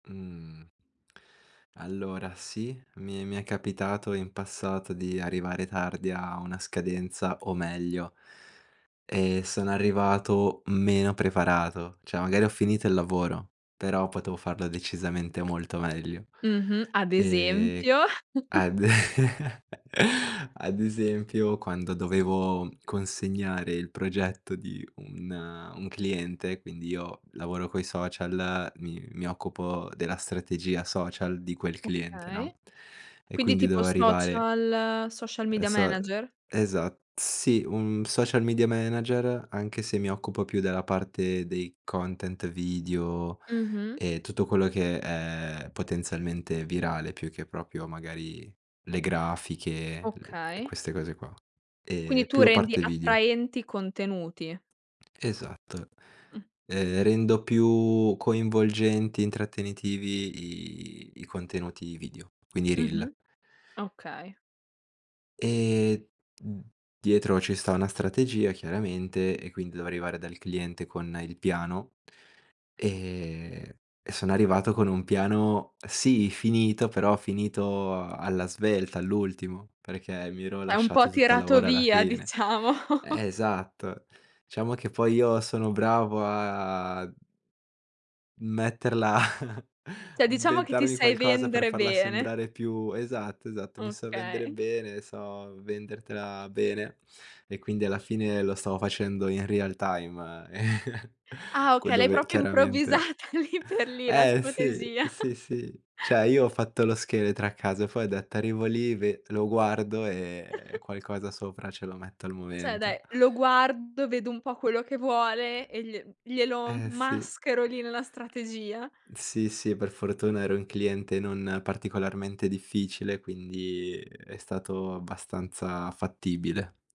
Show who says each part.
Speaker 1: Uhm. Allora sì, mi mi è capitato in passato di arrivare tardi a una scadenza o meglio e sono arrivato meno preparato, cioè magari ho finito il lavoro, però potevo farla decisamente molto meglio.
Speaker 2: Mh-mh ad
Speaker 1: Ehm,
Speaker 2: esempio?
Speaker 1: ad ad esempio, quando dovevo consegnare il progetto di un un cliente, quindi io lavoro coi social, mi mi occupo della strategia social di quel cliente, no,
Speaker 2: Okay.
Speaker 1: e
Speaker 2: Quindi
Speaker 1: quindi
Speaker 2: tipo
Speaker 1: dovevo arrivare
Speaker 2: social, social
Speaker 1: e
Speaker 2: media
Speaker 1: so
Speaker 2: manager?
Speaker 1: esa sì, un social media manager, anche se mi occupo più della parte dei content video
Speaker 2: Mh-mh.
Speaker 1: e tutto quello che è potenzialmente virale, più che proprio magari le grafiche, le e
Speaker 2: Okay.
Speaker 1: queste cose qua, ehm,
Speaker 2: Quindi tu
Speaker 1: più a
Speaker 2: rendi
Speaker 1: parte video.
Speaker 2: attraenti contenuti.
Speaker 1: Esatto.
Speaker 2: Mh.
Speaker 1: Ehm, rendo più coinvolgenti, intrattenitivi i i contenuti video, quindi i reel.
Speaker 2: Mh-mh. Okay.
Speaker 1: Ehm, uhm, dietro ci sta una strategia chiaramente, e quindi devo arrivare dal cliente con il piano, ehm, e sono arrivato con un piano, sì finito, però finito alla svelta, all'ultimo, perché mi ero
Speaker 2: È un po'
Speaker 1: lasciato tutto il
Speaker 2: tirato
Speaker 1: lavoro alla
Speaker 2: via,
Speaker 1: fine.
Speaker 2: diciamo.
Speaker 1: Eh, esatto, diciamo che poi io sono bravo a metterla
Speaker 2: Cioè, diciamo che ti
Speaker 1: inventarmi
Speaker 2: sai
Speaker 1: qualcosa per
Speaker 2: vendere
Speaker 1: farla
Speaker 2: bene.
Speaker 1: sembrare più esatto, esatto, mi so vendere
Speaker 2: Okay.
Speaker 1: bene, so vendertela bene e quindi alla fine lo stavo facendo in real time
Speaker 2: Ah
Speaker 1: que
Speaker 2: okay, l'hai
Speaker 1: dove
Speaker 2: proprio
Speaker 1: chiaramente
Speaker 2: improvvisata lì per lì la
Speaker 1: Eh sì,
Speaker 2: strategia.
Speaker 1: sì, sì. Cioè io ho fatto lo scheletro a casa, poi ho detto: “Arrivo lì, ve lo guardo, ehm, e qualcosa sopra ce lo metto al
Speaker 2: Cioè dai,
Speaker 1: momento.”
Speaker 2: lo guardo, vedo un po' quello che vuole, e gli glielo m
Speaker 1: Eh sì.
Speaker 2: maschero lì nella strategia.
Speaker 1: Sì, sì, e per fortuna ero un cliente non particolarmente difficile, quindi è stato abbastanza fattibile.